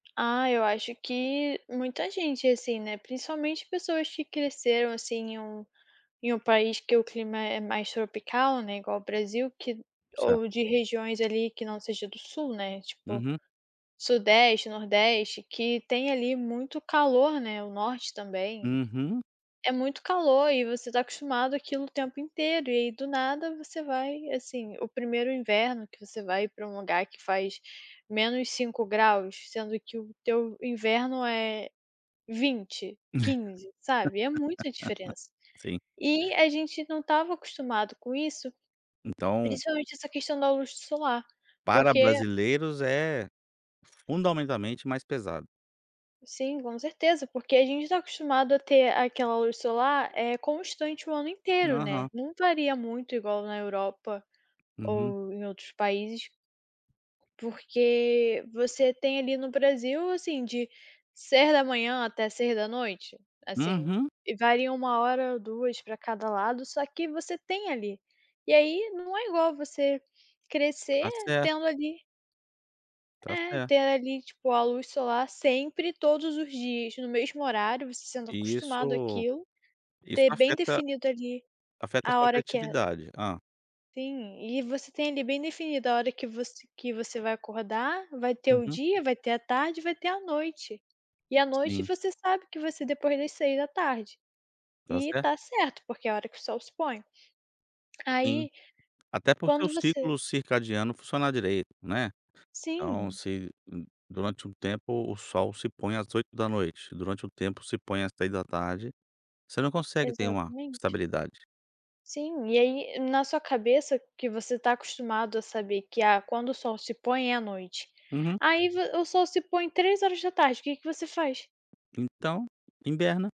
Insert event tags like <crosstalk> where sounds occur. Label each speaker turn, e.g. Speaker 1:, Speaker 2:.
Speaker 1: Ah, eu acho que muita gente, assim, né, principalmente pessoas que cresceram, assim, em um em um país que o clima é mais tropical, né, igual ao Brasil que
Speaker 2: Certo.
Speaker 1: ou de regiões ali que não seja do sul, né, tipo,
Speaker 2: Uhum.
Speaker 1: sudeste, nordeste que tem ali muito calor, né, o norte também.
Speaker 2: Uhum.
Speaker 1: É muito calor e você tá acostumado aquilo o tempo inteiro e, aí, do nada, você vai assim, o 1º inverno que você vai pra um lugar que faz -5ºC, sendo que o teu inverno é 20, 15, sabe? É muita diferença.
Speaker 2: <laughs> Sim.
Speaker 1: E a gente não estava acostumado com isso,
Speaker 2: Então
Speaker 1: principalmente essa questão da luz solar,
Speaker 2: Para
Speaker 1: porque
Speaker 2: brasileiros é fundamentalmente mais pesado.
Speaker 1: Sim, com certeza, porque a gente tá acostumado a ter aquela luz solar, eh, constante o ano inteiro, né.
Speaker 2: Aham.
Speaker 1: Não varia muito igual na Europa,
Speaker 2: Uhum.
Speaker 1: ou em outros países porque você tem ali no Brasil, assim, de, 6h até 18h, assim,
Speaker 2: Uhum.
Speaker 1: e varia 1 hora ou 2 pra cada lado, só que você tem ali. E, aí, não é igual você crescer
Speaker 2: Tá certo.
Speaker 1: tendo ali
Speaker 2: Tá
Speaker 1: É.
Speaker 2: certo.
Speaker 1: Ter ali, tipo, a luz solar sempre, todos os dias, no mesmo horário, você sendo
Speaker 2: E
Speaker 1: acostumado
Speaker 2: isso
Speaker 1: àquilo,
Speaker 2: isso
Speaker 1: ter bem
Speaker 2: afeta
Speaker 1: definido ali,
Speaker 2: afeta a
Speaker 1: a
Speaker 2: sua
Speaker 1: hora que é
Speaker 2: criatividade. Hã.
Speaker 1: Sim, e você tem ali bem definido a hora que você que você vai acordar, vai ter o
Speaker 2: Uhum.
Speaker 1: dia, vai ter a tarde e vai ter a noite. E à noite
Speaker 2: Sim.
Speaker 1: você sabe que vai ser depois das 18h.
Speaker 2: Tá
Speaker 1: E
Speaker 2: certo.
Speaker 1: tá certo, porque é a hora que o sol se põe.
Speaker 2: Sim.
Speaker 1: Aí,
Speaker 2: Até para o seu
Speaker 1: quando você
Speaker 2: ciclo circadiano funcionar direito, né. Então
Speaker 1: Sim.
Speaker 2: se, hum, durante um tempo o sol se põe às 20h, durante um tempo se põe às 15h, você não consegue ter uma
Speaker 1: Exatamente.
Speaker 2: estabilidade.
Speaker 1: Sim, e aí, na sua cabeça que você tá acostumado a saber que: "Ah, quando o sol se põe é à noite".
Speaker 2: Uhum.
Speaker 1: Aí vo o sol se põe 15h, que que você faz?
Speaker 2: Então, hiberna.